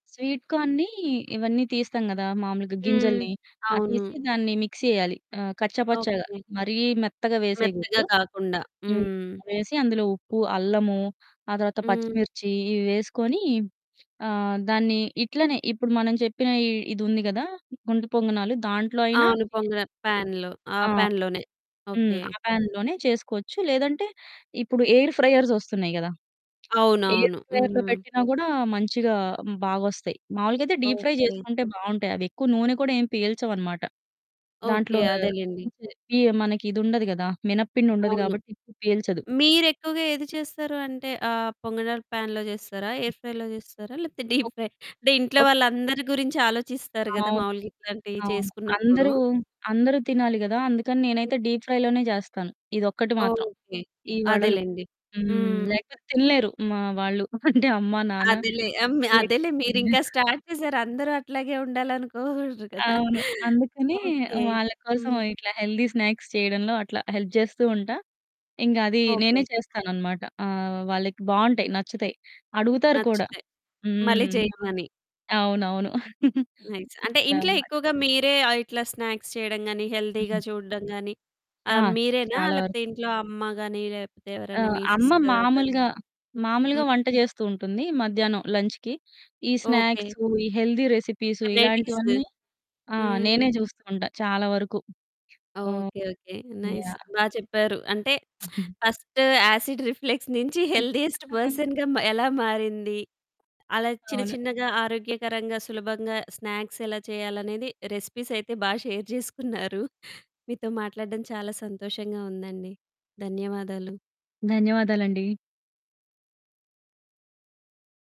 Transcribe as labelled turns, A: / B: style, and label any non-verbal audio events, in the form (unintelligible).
A: Sweet కార్న్‌‌ని ఇవన్నీ తీస్తాం గదా! మామూలుగా
B: హ్మ్.
A: గింజల్ని, ఆ
B: అవును.
A: తీసి దాన్ని మిక్సీ యెయ్యాలి, ఆహ్, కచ్చాపచ్చాగా
B: ఓకె.
A: మరీ మెత్తగా
B: మెత్తగా
A: వేసేయకూడదు.
B: కాకుండా,
A: హ్మ్,
B: హ్మ్.
A: వేసి అందులో ఉప్పు, అల్లము ఆ తర్వాత
B: హ్మ్.
A: పచ్చిమిర్చి ఇవి వేసుకొని, ఆహ్, దాన్ని ఇట్లనే ఇప్పుడు మనం చెప్పిన ఇది ఉంది కదా! గుంత పొంగనాలు దాంట్లో అయినా
B: అవును.
A: చేయొచ్చు.
B: పొంగన పాన్‌లో, ఆ
A: ఆ!
B: పాన్‌లోనే,
A: హ్మ్,
B: ఓకె.
A: ఆ పాన్‌లోనే చేసుకోవచ్చు. లేదంటే ఇప్పుడు ఎయిర్ ఫ్రైయర్స్ ఒస్తున్నాయి గదా! ఎయిర్
B: అవునవును.
A: ఫ్రైయర్‌లో
B: హ్మ్.
A: పెట్టినా గూడా మంచిగా బాగొస్తాయి. మామూలుగా అయితే డీప్ ఫ్రై
B: ఓకె.
A: చేసుకుంటే బావుంటాయి. అవెక్కువ నూనె కూడా ఏం పీల్చవనమాట. దాంట్లో
B: ఓకె. అదేలెండి.
A: (unintelligible) ఇయ్యి మనకి ఇదుండదు గదా! మినప పిండి ఉండదు
B: అవును.
A: కాబట్టి ఎక్కువ పీల్చదు.
B: మీరెక్కువగా ఏది చేస్తారు? అంటే ఆహ్, పొంగనాలు పాన్‌లో చేస్తారా?
A: హ్మ్.
B: ఎయిర్ ఫ్రై‌లో చేస్తారా? లేపోతే డీప్
A: ఒక్
B: ఫ్రై (chuckles) అంటే ఇంట్లో
A: ఒక్
B: వాళ్ళందరి గురించి ఆలోచిస్తారు గదా!
A: అవును,
B: మామూలుగా ఇట్లాంటియి
A: అవును.
B: చేసుకున్నప్పుడు.
A: అందరూ, అందరూ తినాలి గదా! అందుకని నేనైతే డీప్ ఫ్రైలోనే చేస్తాను. ఇదొక్కటి మాత్రం
B: ఓకె.
A: ఈ వడలు.
B: అదేలెండి.
A: హ్మ్,
B: హ్మ్.
A: లేకపోతే తినలేరు మా వాళ్ళు (chuckles) అంటే అమ్మ నాన్న
B: అదేలే. ఆహ్, హ్మ్, అదేలే
A: వీళ్ళెక్కువ
B: మీరింక
A: తినలేరు.
B: స్టార్ట్ చేసారు. అందరూ అట్లాగే ఉండాలి అనుకోకూడదు కదా!
A: అవును. అందుకనె
B: ఓకె.
A: వాళ్ళ కోసం
B: హ్మ్.
A: ఇట్లా హెల్దీ స్నాక్స్ చేయడంలో అట్లా హెల్ప్ జేస్తూ ఉంటా, ఇంగది నేనే
B: ఓకె.
A: చేస్తాననమాట. ఆహ్, వాళ్ళకి బావుంటాయి, నచ్చుతాయి, అడుగుతారు కూడా.
B: నచ్చితే. మళ్ళీ
A: హ్మ్,
B: చెయ్యమని.
A: అవునవును. (chuckles)
B: నైస్ అంటే
A: ఇట్లా
B: ఇంట్లో
A: అనమాట.
B: ఎక్కువగా మీరే ఆహ్, ఇట్లా స్నాక్స్ చేయడం గాని, హెల్తీగా
A: హ్మ్.
B: చూడడం గాని
A: ఆ!
B: ఆహ్, మీరేనా
A: చాలా వరకు.
B: లేకపోతే ఇంట్లో అమ్మ గాని లేపోతే
A: ఆ!
B: ఎవరన్నా మీ
A: అమ్మ
B: సిస్టర్ ఆర్ బ్రదర్.
A: మామూలుగా, మామూలుగా
B: హ్మ్.
A: వంట చేస్తూ ఉంటుంది. మధ్యాహ్నం లంచ్‌కి ఈ స్నాక్స్
B: ఓకె.
A: ఈ హెల్తీ రెసిపీస్
B: వెరైటీస్
A: ఇలాంటివన్నీ, ఆ!
B: హ్మ్.
A: నేనే జూస్తూ ఉంటా చాలా వరకు. ఆహ్,
B: ఓకె ఓకె, నైస్
A: యాహ్!
B: బా చెప్పారు. అంటే
A: హుహు.
B: (smacks lips) ఫస్ట్ యాసిడ్ రిఫ్లెక్స్ నించి హెల్దీయెస్ట్
A: (chuckles)
B: పర్సన్‌గా మ ఎలా మారింది, అలా చిన్న
A: అవును.
B: చిన్నగా ఆరోగ్యకరంగా, సులభంగా స్నాక్స్ ఎలా చేయాలనేది రెసిపీస్ అయితే బా షేర్ జేసుకున్నారు. (chuckles) మీతో మాట్లాడడం చాలా సంతోషంగా ఉందండి. ధన్యవాదాలు.
A: ధన్యవాదాలండి.